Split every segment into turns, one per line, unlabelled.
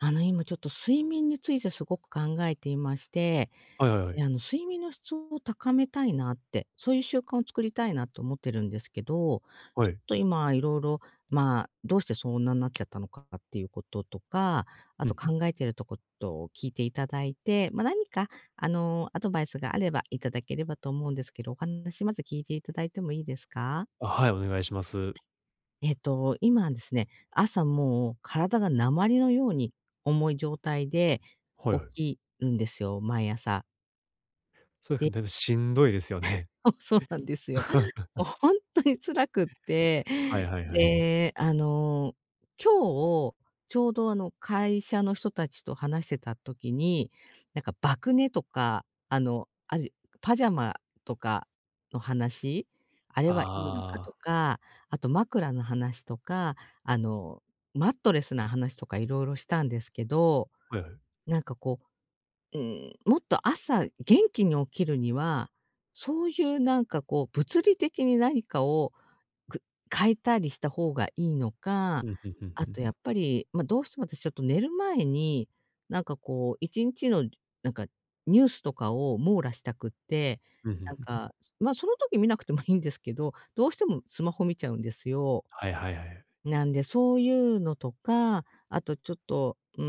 あの今ちょっと睡眠についてすごく考えていまして、
はいはいは
あ
い。
の、睡眠の質を高めたいなって、そういう習慣を作りたいなと思ってるんですけど、ち
は
ょっ
い。
と今色々、まあ、どうしてそんなんなっちゃったのかっていうこととか、あ
うん、
と
ふん。
考えてるとことを聞いていただいて、ま、何かあのアドバイスがあれば頂ければと思うんですけど、お話まず聞いて頂いてもいいですか？
あ、はい、お願いします。
えっと、今ですね、朝もう体が鉛のように重い状態で
はい
起
はい。
きるんですよ、毎朝。
そう、
で
ふ、でもしんどいですよ ね。
そそうなんですよ。お、本当に辛くって、
はいはいはい。
で、あの、今日ちょうどあの会社の人たちと話してた時に、なんか爆寝とかあの、あるパジャマとかの話、あれはいいのか
あ
と
あ。
か、あと枕の話とか、あの、マットレスな話とか色々したんですけど。
はいはい。
なんかこう、うーん、もっと朝元気に起きるには、そういうなんかこう物理的に何かを、く変えたりした方がいいのか、
うん、ふんふん
あ
ふん。
とやっぱり、ま、どうしても私ちょっと寝る前に、なんかこう一日のなんかニュースとかを網羅したくって、
うん、ふん
なん
ふん。
か、ま、その時見なくてもいいんですけど、どうしてもスマホ見ちゃうんですよ。
はいはいはい。
なんで、そういうのとか、あとちょっと、うー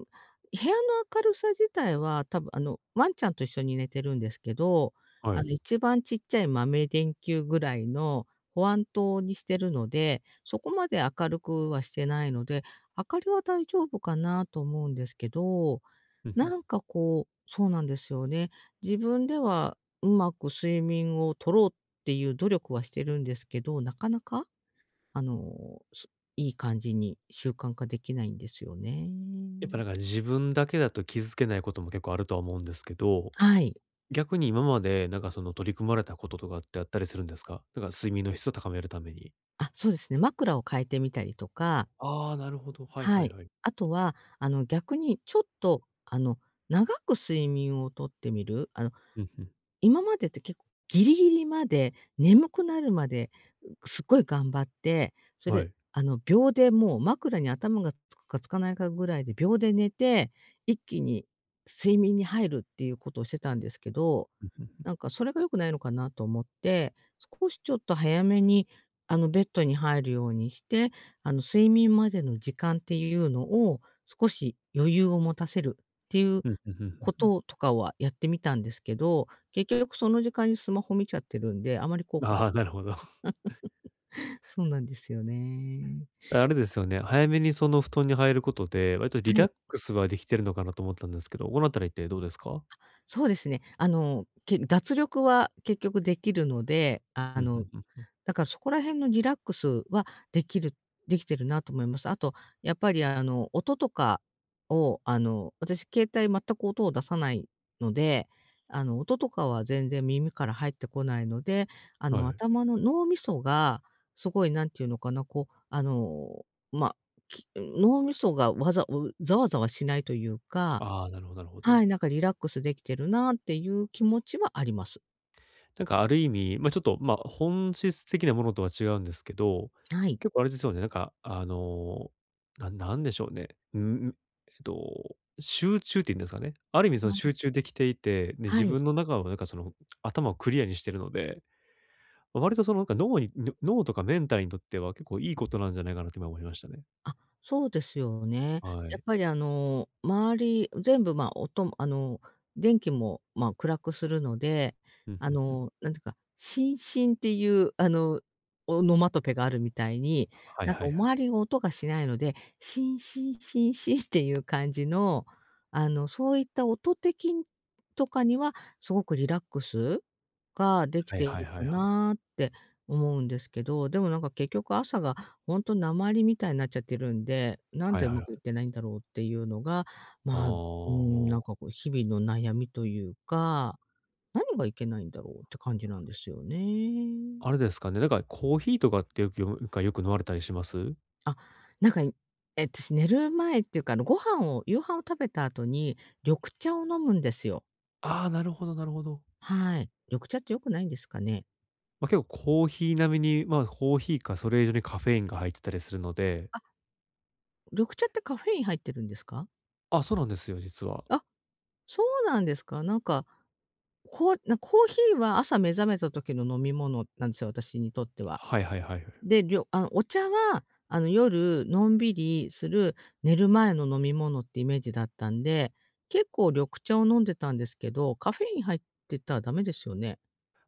ん、部屋の明るさ自体は多分あのワンちゃんと一緒に寝てるんですけど、
は
あ
い。
の一番ちっちゃい豆電球ぐらいの保安灯にしてるので、そこまで明るくはしてないので、明かりは大丈夫かなと思うんですけど、
ふんふん。
なんかこう、そうなんですよね。自分ではうまく睡眠を取ろうっていう努力はしてるんですけど、なかなか。あの、すいい感じに習慣化できないんですよね。
やっぱなんか自分だけだと気づけないことも結構あるとは思うんですけど、
はい。
逆に今までなんかその取り組まれたこととかってあったりするんですか？なんか睡眠の質を高めるために。
あ、そうですね、枕を変えてみたりとか。
ああ、なるほど。はい
は
はい
い。
はい。
あとは、あの逆にちょっとあの長く睡眠を取ってみる、あの
うんうん。
今までって、けっこ、ギリギリまで眠くなるまですっごい頑張って、それ
は
で、
い。
あの秒でもう枕に頭がつくかつかないかぐらいで秒で寝て、一気に睡眠に入るっていうことをしてたんですけど、
うんうんうん。
なんかそれが良くないのかなと思って、少しちょっと早めにあのベッドに入るようにして、あの睡眠までの時間っていうのを少し余裕を持たせるっていう
ふんふんふんふん
こ
ふん。
ととかはやってみたんですけど、結局その時間にスマホ見ちゃってるんで、あまり効果が、
ああ、なるほど。
そうなんですよね。
あれですよね、早めにその布団に入ることで、割とリ
はい。
ラックスはできてるのかなと思ったんですけど、このあたりってどうですか？
あ、そうですね。あの、け脱力は結局できるので、あ
うんう
の、
んうんうん。
だからそこら辺のリラックスはできるできてるなと思います。あとやっぱりあの音とかをあの、私携帯全く音を出さないので、あの、音とかは全然耳から入ってこないので、あ
は
の、
い。
頭の脳味噌がすごい何て言うのかな、こうあの、ま、き、脳味噌がわざう、ざわざわしないというか、
ああ、なるほど、なるほ
は
ど。
い、なんかリラックスできてるなっていう気持ちはあります。
なんかある意味、ま、ちょっと、ま、本質的なものとは違うんですけど、
はい。
結構あれですよね、なんか、あの、なんなんでしょうね、うん、えっと、集中っていうんですかね、ある意味そ
う
の
ん。
集中できていて、で、
は
自
い。
分の中のなんかその、頭をクリアにしてるので、割とそのなんか脳に、ぬ脳とかメンターにとっては結構いいことなんじゃないかなって今思いましたね。
あ、そうですよ、ね。
は
やっ
い。
ぱりあの周り全部、ま、音もあの電気も、ま、暗くするので、
ふん
あ
ふんふん。
の、何て言うか、シンシンっていうあのオノマトペがあるみたいに、
はい
なんか
は
お
いはい。
周りを音がしないので、シンシンシンシンっていう感じの、あのそういった音的んとかには、すごくリラックス？ができ
はい
てい
はい
る
は
か
いはい、は。
なって思うんですけど、でもなんか結局、朝がほんとなまりみたいなっちゃっているんで、何
はい
でう
はい
ま
は
くいっ
い。
てないんだろう？っていうのが、
あ
ま、うん、何
あ。
かこう日々の悩みというか、何がいけないんだろう？って感じなんですよね。
あれですかね、なんかコーヒーとかってよく、よんかよく飲まれたりします？
あ、なんかにえっとし、寝る前っていうか、あのご飯を、夕飯を食べた後に、緑茶を飲むんですよ。
ああ、なるほどなるほど。
はい。緑茶って良くないんですかね？
ま、結構、コーヒー並みにま、コーヒーかそれ以上にカフェインが入ってたりするので。
あっ。緑茶ってカフェイン入ってるんですか？
あっ、そうなんですよ、実は。
あっ、そうなんですか？なんか、こな、コーヒーは朝目覚めた時の飲み物なんですよ、私にとっては。
はいはいはいはい。
で、りょあの、お茶はあの夜のんびりする、寝る前の飲み物ってイメージだったんで、結構緑茶を飲んでたんですけど、カフェイン入ってたらダメですよね？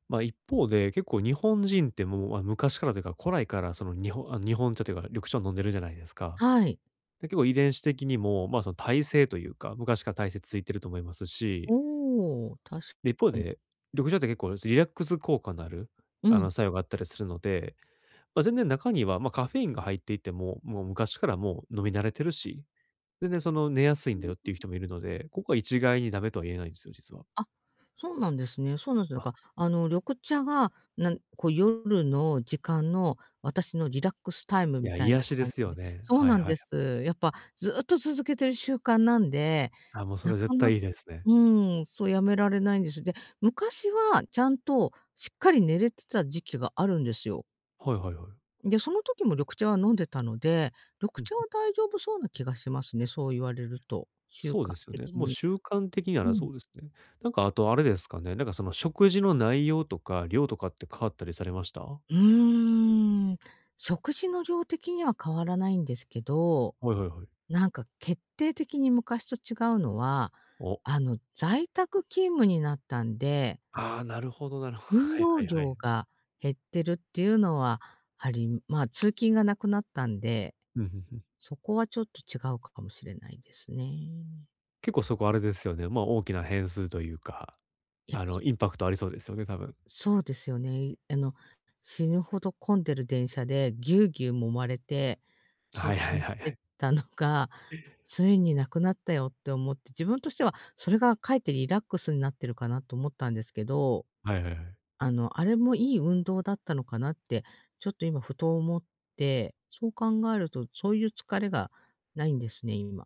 ま、一方で結構日本人てもう、あ、昔からというか、古来からその、にほあ、日本茶というか、緑茶を飲んでるじゃないですか。
はい。
で、結構遺伝子的にも、ま、その耐性というか、昔から耐性ついてると思いますし
おお、確
で、一
か
方
に。
で、緑茶って結構、リラックス効果のある、
う
あ
ん。
の、作用があったりするので、ま、全然、中には、ま、カフェインが入っていても、もう昔からもう飲み慣れてるし、全然その寝やす
ふ
いんだ
ん
よっ
ふ
ていう
ん。
人もいるので、ここは一概にダメとは言えないんですよ、実は。
あっ、そうなんですね。そうなんす。なんか、あの、緑茶はなん、こう、夜の時間の私のリラックスタイム
い
み
や、
たい
癒
な
しで
感
す
じ
よ
で
ね。
そう
はい
なん
は
で
い。
す。やっぱずっと続けてる習慣なんで、
あ、もうそ
な
れ
か
絶
な
対いいですね。
うん、そう、やめられないんです。で、昔はちゃんとしっかり寝れてた時期があるんですよ。
はいはいはい。
で、その時も緑茶は飲んでたので、
ふ
緑
ん、
茶
ふ。
は大丈夫そうな気がしますね、そう言われると、習
そう
慣
ですよね。
的
もう
に
習慣的には、あ
う
らそ
ん。
うですね。なんか、あとあれですかね、なんかその、食事の内容とか量とかって変わったりされました？
うーん、食事の量的には変わらないんですけど、
はいはいはい。
なんか決定的に昔と違うのは、
お。
あの、在宅勤務になったんで
ああ、なるほどなるほ
運
はい
動
はいは
量
い。
が減ってるっていうのは、あり、ま、通勤がなくなったんで、
ふんふんふん。
そこはちょっと違うかもしれないですね。
結構そこはあれですよね、ま、大きな変数というか、
やっぱ
あの、
そう
インパクトありそうですよね、多分。
そうですよね。あの、死ぬほど混んでる電車でぎゅうぎゅう揉まれて、
は
通
いはい
勤
は
して
い。
たのが、ついに無くなったよって思って、自分としてはそれがかえってリラックスになってるかなと思ったんですけど。
はいはいはい。
あのあれもいい運動だったのかなって、ちょっと今ふと思って、そう考えるとそういう疲れがないんですね、今。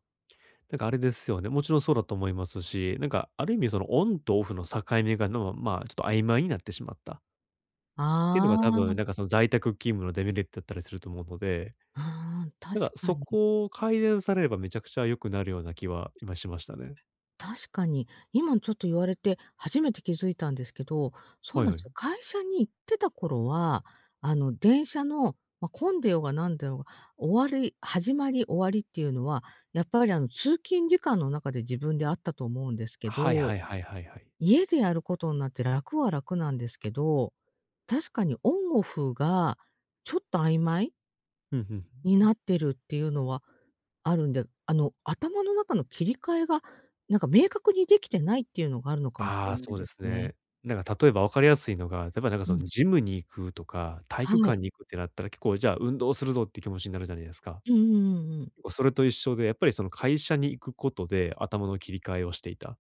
なんかあれですよね、もちろんそうだと思いますし、なんかある意味その、オンとオフの境目が、ぬう、まあ、ちょっと曖昧になってしまったっていうの
あ
が多
あ。
分なんかその在宅勤務のデメリットだったりすると思うので、
うーん、確
なんか
か
そ
に。
こを改善されれば、めちゃくちゃ良くなるような気は今しましたね。
確かに、今ちょっと言われて初めて気づいたんですけど、そう
は
な
い
ん
は
ですよ。
い。
会社に行ってた頃は、あの電車の、ま、混んでようが何でようが、終わり始まり終わりっていうのは、やっぱりあの通勤時間の中で自分であったと思うんですけ
はいは
ど、
いはいはいはい。
家でやることになって楽は楽なんですけど、確かにオンオフがちょっと曖昧
ふんふんふん
に
ふん。
なってるっていうのはあるんで、あの頭の中の切り替えが何か明確にできてないっていうのがあるのかもし
あ
れ
あ、
ない
そう
で
で
す
す
ね。
ね。なんか例えばわかりやすいのが、例えばなんか
う
そ
ん。
のジムに行くとか、たい
は
きょか
い。
んに行くってなったら結構じゃあ運動するぞっていう気持ちになるじゃないですか。
うんうんうんうん。
もうそれと一緒で、やっぱりその会社に行くことで頭の切り替えをしていた。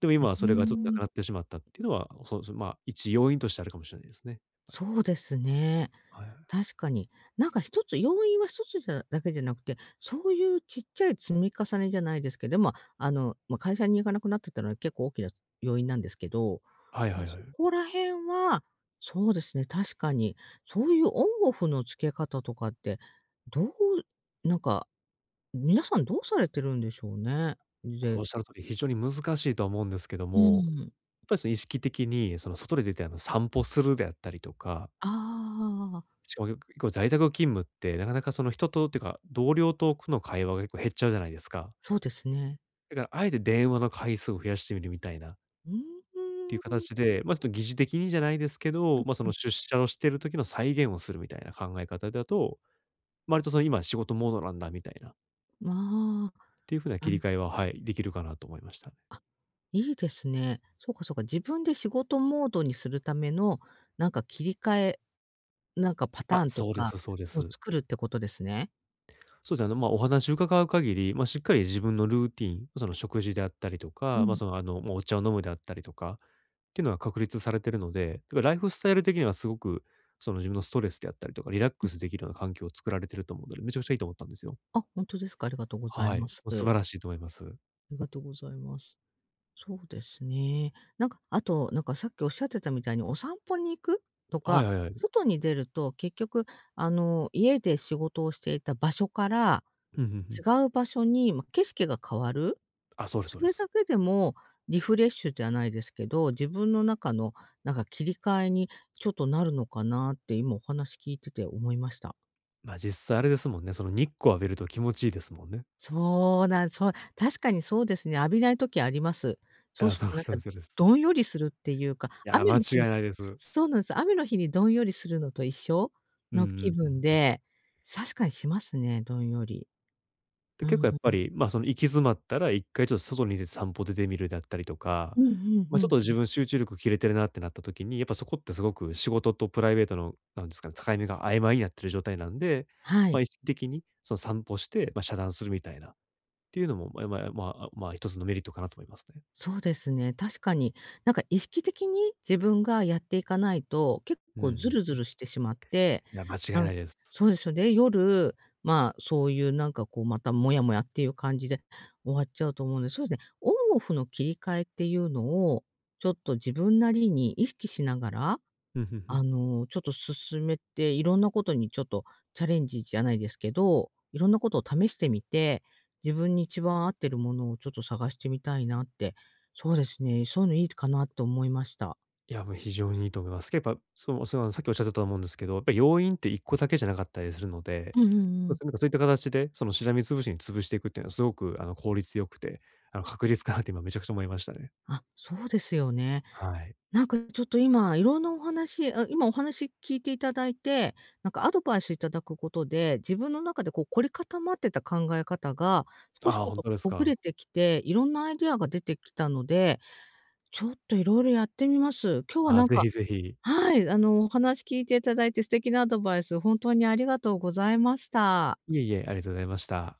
でも
う
今は
ー
それがちょっとな
ん。
くなってしまったっていうのは、そうですね、ま、一要因としてあるかもしれないですね。はい。
そうですね。
はいはい。
確かに。何か一つ、要因は一つじゃだけじゃなくて、そういうちっちゃい積み重ねじゃないですけど、でも、あのま会社に行かなくなってたのは結構大きな要因なんですけど、
はいはいは
そ
い。
こら辺は、そうですね、確かに、そういうオンオフの付け方とかって、どう、なんか、皆さんどうされてるんでしょうね。
これ
ぜ
おっしゃる通り非常に難しいとは思うんですけど
うー
も、やっ
ん。
ぱりその意識的にその外に出て、あの、散歩するであったりとか。
ああ。
しかもよく、結構在宅勤務ってなかなかその人とってか、同僚とくの会話が結構減っちゃうじゃないですか。
そうですね。
だから、あえて電話の回数を増やしてみるみたいな。
うー
っていう
ん。
形で、ま、ちょっと疑似的にじゃないですけ
う
ど、
ん
ま、そ
うん。
の、出社をしている時の再現をするみたいな考え方だと、ま、割とその今仕事モードなんだみたいな。
まあ、
っていう風な
あ
切り
ん
替えは、はい、できるかなと思いました。
あ、いいですね。そうかそうか、自分で仕事モードにするための何か切り替え、なんかパ
あ、
ターンと
そうで
か
すそうで
を
す。
作るってことですね。
そうですね、ま、お話を伺う限り、ま、しっかり自分のルーティン、その食事であったりと
う
か、ま、
ん。
その、あの、もうお茶を飲むであったりとか、っていうのは確立されてるので、だからライフスタイル的にはすごく、その、自分のストレスであったりとか、リラッ
う
ク
ん。
スできるような環境を作られていると思うので、めちゃくちゃいいと思ったんですよ。
あ、本当ですか？ありがとうござい
はい、
ま
も
す。
う素晴らしいと思います。
ありがとうございます。そうですね。なんか、あと、なんかさっきおっしゃってたみたいにお散歩に行くと
は
か、
いはいはい。
外に出ると、結局あの家で仕事をしていた場所から、
ふんふんふん。
違う場所に、ま、景色が変わる。
あ、そうですそ
そ
うで
れ
す。
だけでもリフレッシュではないですけど、自分の中のなんか切り替えにちょっとなるのかなって今お話聞いてて思いました。
ま、実際あれですもんね、その日光浴びると気持ちいいですもんね。
そうなんそう、確かにそうですね、浴びない時あります。そう
あ、
する
そう
と
で
な
す
ん
そ
か
うですそうです。
どんよりするっていうか、
いや、
雨
間
の
違
日
い
に
ないです。
そうなんです、雨の日にどんよりするのと一緒
うんう
の気
んう
分
んうん。
で、確かにしますね、どんより。
で、
う
結
ん。う
構やっぱ
う。
り、ま、その行き詰まったら1回ちょっと外に出て散歩出てみるだったりとか、
うん。ふんふ
ま、ちょっ
ん
と
ふん。
自分集中力切れてるなってなった時に、やっぱそこってすごく仕事とプライベートのなんですかね、境目が曖昧になってる状態なんで、
は
ま、
い。
意識的にその散歩して、ま、遮断するみたいな、ていうのも、まえまえ、あ、まあ、あ、まあ、1つのメリットかなと思いますね。
そうですね、確かに。なんか意識的に自分がやっていかないと、結
うん、
構
ふ
ず
ん
るず
ふん。
るしてしまって、
いや、間違い
なん
ないです。
そうですよ。で、夜、まあ、そういうなんかこうまたモヤモヤっていう感じで終わっちゃうと思うんで。そうね。オンオフの切り替えっていうのをちょっと自分なりに意識しながら、
ふんふんふ
あ
ん。
の、ちょっと進めて、色んなことにちょっとチャレンジじゃないですけど、色んなことを試してみて、自分に一番合ってるものをちょっと探してみたいなって。そうですね、そういうのいいかなって思いました。
いや、もう非常にいいと思います。けぱそうそうなんさっきおっしゃってたと思うんですけど、やっぱり要因って1個だけじゃなかったりするので、
うんうんう
ま、
ん。
なんかそういった形でそのしらみつぶしに潰していくっていうのはすごくあの効率良くて、あの確実かなって今めちゃくちゃ思いましたね。
あ、そうですよね。
はい。
なんかちょっと今色んなお話、あ、今お話聞いていただいて、なんかアドバイス頂くことで、自分の中でこう凝り固まってた考え方が、少し
ああ、
ちょっ
本
と
当です
ほぐ
か。
れてきて、色んなアイデアが出てきたので、ちょっと色々やってみます。今日は
ああ、
なん
是
か
非是非。
はい。あの、お話聞いていただいて素敵なアドバイス、本当にありがとうございました。
いえいえ、ありがとうございました。